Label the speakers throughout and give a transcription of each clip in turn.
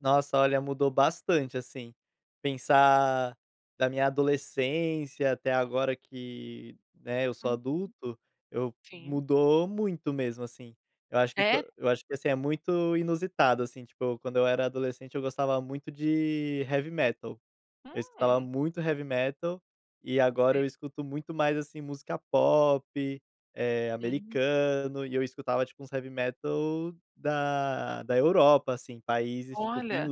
Speaker 1: Nossa, olha, mudou bastante assim. Pensar da minha adolescência até agora, que, né, eu sou
Speaker 2: Uhum,
Speaker 1: adulto, eu
Speaker 2: sim.
Speaker 1: mudou muito mesmo. Assim, eu acho que
Speaker 2: É.
Speaker 1: quando eu acho que assim é muito inusitado, assim, tipo, quando eu era adolescente eu gostava muito de heavy metal, eu escutava
Speaker 2: Hum.
Speaker 1: muito heavy metal, e agora
Speaker 2: É.
Speaker 1: eu escuto muito mais, assim, música pop, eh,
Speaker 2: Hum.
Speaker 1: americana. E eu escutava tipo uns heavy metal da da Europa, países tipo
Speaker 2: Olha,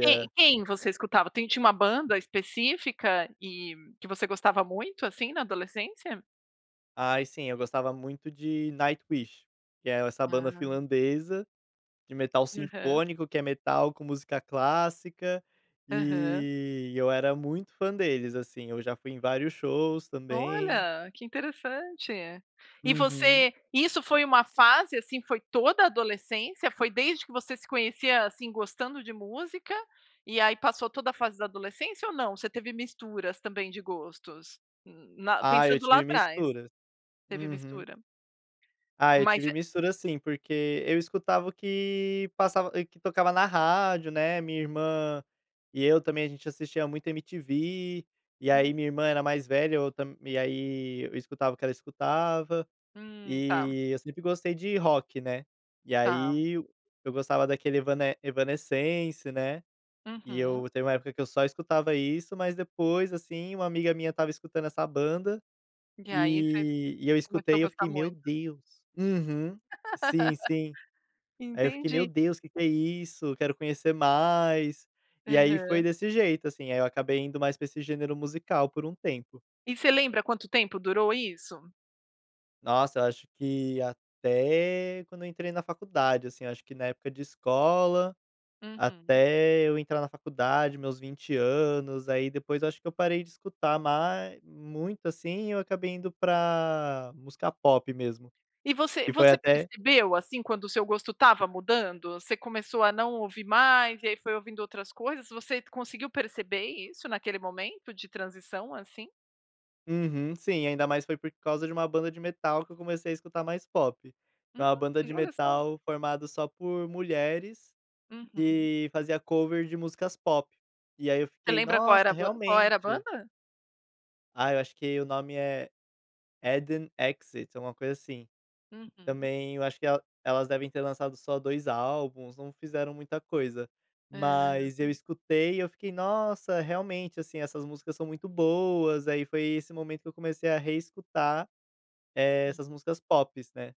Speaker 2: quem quem você escutava? Tem tinha uma banda específica e que você gostava muito assim na adolescência?
Speaker 1: Aí sim, eu gostava muito de Nightwish, que é essa banda
Speaker 2: Ah.
Speaker 1: finlandesa, de metal
Speaker 2: Aham.
Speaker 1: sinfônico que é metal com música clássica,
Speaker 2: Aham.
Speaker 1: e eu era muito fã deles assim, eu já fui em vários shows também.
Speaker 2: Olha, que interessante. E
Speaker 1: Uhum.
Speaker 2: você isso foi uma fase, assim, foi toda a adolescência, foi desde que você se conhecia, assim, gostando de música, e aí passou toda a fase da adolescência ou não? Você teve misturas também de gostos? Hum.
Speaker 1: Ah eu
Speaker 2: Pensando lá
Speaker 1: tive
Speaker 2: atrás.
Speaker 1: mistura.
Speaker 2: Teve
Speaker 1: Uhum.
Speaker 2: mistura.
Speaker 1: Ah, eu
Speaker 2: Mas
Speaker 1: tive
Speaker 2: é
Speaker 1: mistura sim, porque eu escutava o que passava que tocava na rádio, né, minha irmã, e eu também. A gente assistia muito MTV, e
Speaker 2: Hum.
Speaker 1: aí minha irmã era mais velha, eu tam aí escutava o que ela escutava,
Speaker 2: Hum, tá.
Speaker 1: e eu sempre gostei de rock, né. E
Speaker 2: Tá.
Speaker 1: aí eu gostava daquele Evane Evanescence, né. E
Speaker 2: Uhum.
Speaker 1: eu teve uma época que eu só escutava isso, mas depois, assim, uma amiga minha estava escutando essa banda,
Speaker 2: E aí você
Speaker 1: e e eu
Speaker 2: começou a
Speaker 1: escutei, eu
Speaker 2: gostar
Speaker 1: fiquei: meu
Speaker 2: muito.
Speaker 1: Deus. Uhum. Sim, sim. Aí eu fiquei: meu
Speaker 2: Entendi.
Speaker 1: Deus, que que é isso, quero conhecer mais. E aí foi
Speaker 2: Aham.
Speaker 1: desse jeito, assim, aí eu acabei indo mais pra esse gênero musical por um tempo.
Speaker 2: E você lembra quanto tempo durou isso?
Speaker 1: Nossa, acho que até quando eu entrei na faculdade assim, acho que na época de escola,
Speaker 2: Uhum.
Speaker 1: até eu entrar na faculdade, meus 20 aí depois eu acho que eu parei de escutar mais muito assim, eu acabei indo pra música pop mesmo.
Speaker 2: E você
Speaker 1: E foi
Speaker 2: você
Speaker 1: até
Speaker 2: percebeu, assim, quando o seu gosto estava mudando? Você começou a não ouvir mais e aí foi ouvindo outras coisas? Você conseguiu perceber isso naquele momento de transição, assim?
Speaker 1: Uhum sim, ainda mais foi por causa de uma banda de metal que eu comecei a escutar mais pop. É uma banda de
Speaker 2: Hum. Olha só.
Speaker 1: metal formado só por mulheres,
Speaker 2: Uhum.
Speaker 1: que fazia cover de músicas pop. E aí eu
Speaker 2: Você
Speaker 1: fiquei
Speaker 2: lembra qual
Speaker 1: nossa,
Speaker 2: era qual era a
Speaker 1: realmente.
Speaker 2: banda?
Speaker 1: Ah, eu acho que o nome é Addon Exit, é uma coisa assim.
Speaker 2: Uhum.
Speaker 1: Também eu acho que elas elas devem ter lançado só dois álbuns, não fizeram muita coisa, mas eu
Speaker 2: Ah.
Speaker 1: escutei e eu fiquei: nossa, realmente, assim, essas músicas são muito boas. Aí foi esse momento que eu comecei a reescutar
Speaker 2: Sim.
Speaker 1: essas músicas pops, né.